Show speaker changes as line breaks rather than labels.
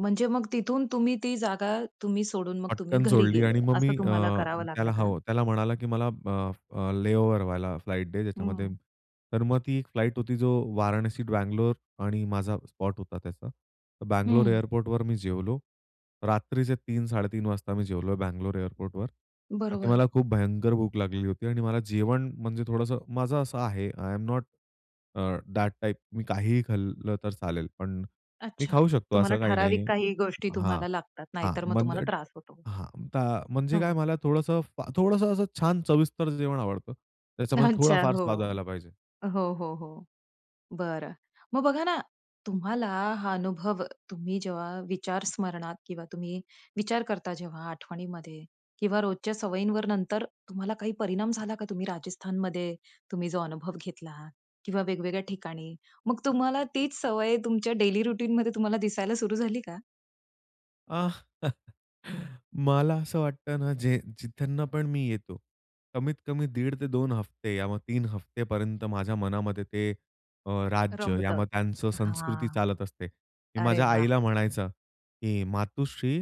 म्हणजे मग तिथून तुम्ही ती जागा तुम्ही सोडून मग तुम्ही
पटकन
घरी
सोडली
गेले,
आणि मग मी
असं
अ,
तुम्हाला करावं लागलं
त्याला
का?
हो, त्याला म्हणाला, की मला अ, अ, लेओव्हर वाला फ्लाइट दे ज्याच्यामध्ये
हं.
तर मग ती एक फ्लाइट होती. जो वाराणसी, बँगलोर आणि माझा स्पॉट होता त्याचा. बँगलोर
हं.
एअरपोर्टवर मी जेवलो. रात्रीचे 3-3:30 वाजता मी जेवलो बँगलोर एअरपोर्टवर. का की
बरोबर.
मला खूप भयंकर भूक लागली होती आणि मला जेवण म्हणजे थोडंसं माझं असं आहे, I am not uh, that type मी काहीही खाल्लं तर चालेल. पण, मी
अच्छा!
खाऊ शकतो
तुम्हाला
असं काही नाही
ठराविक
आहे.
काही गोष्टी
हां,
तुम्हाला लागतात,
हां.
नाहीतर मग
म्हणजे
तुम्हाला त्रास होतो.
हां, आता म्हणजे काय
हो.
मला थोडंसं फा थोडंसं असं छान सविस्तर जेवण आवडतं. त्याच्यामध्ये
अच्छा.
थोडाफार
हो.
स्वाद आला पाहिजे.
हो, हो, हो, बरं. मग बघा ना, तुम्हाला हा अनुभव तुम्ही जेव्हा विचार स्मरणात किंवा तुम्ही विचार करता जेव्हा आठवणीमध्ये किंवा रोजच्या सवयींवर नंतर तुम्हाला काही परिणाम झाला का? तुम्ही राजस्थानमध्ये, तुम्ही जो अनुभव घेतला किंवा वेगवेगळ्या ठिकाणी. मग तुम्हाला तीच सवय तुमच्या डेली रुटीनमध्ये तुम्हाला दिसायला सुरू झाली का?
अ, मला असं वाटतं ना जे, जिथून पण मी येतो. कमीत-कमी दीड ते 2 हफ्ते या मग 3 हफ्त्यापर्यंत माझ्या मनामध्ये ते अ, राज्य या
रमतं,
मग त्यांचं संस्कृती
हां.
चालत असते. मी
अरे
माझ्या
वाह!
आईला म्हणायचो, की मातोश्री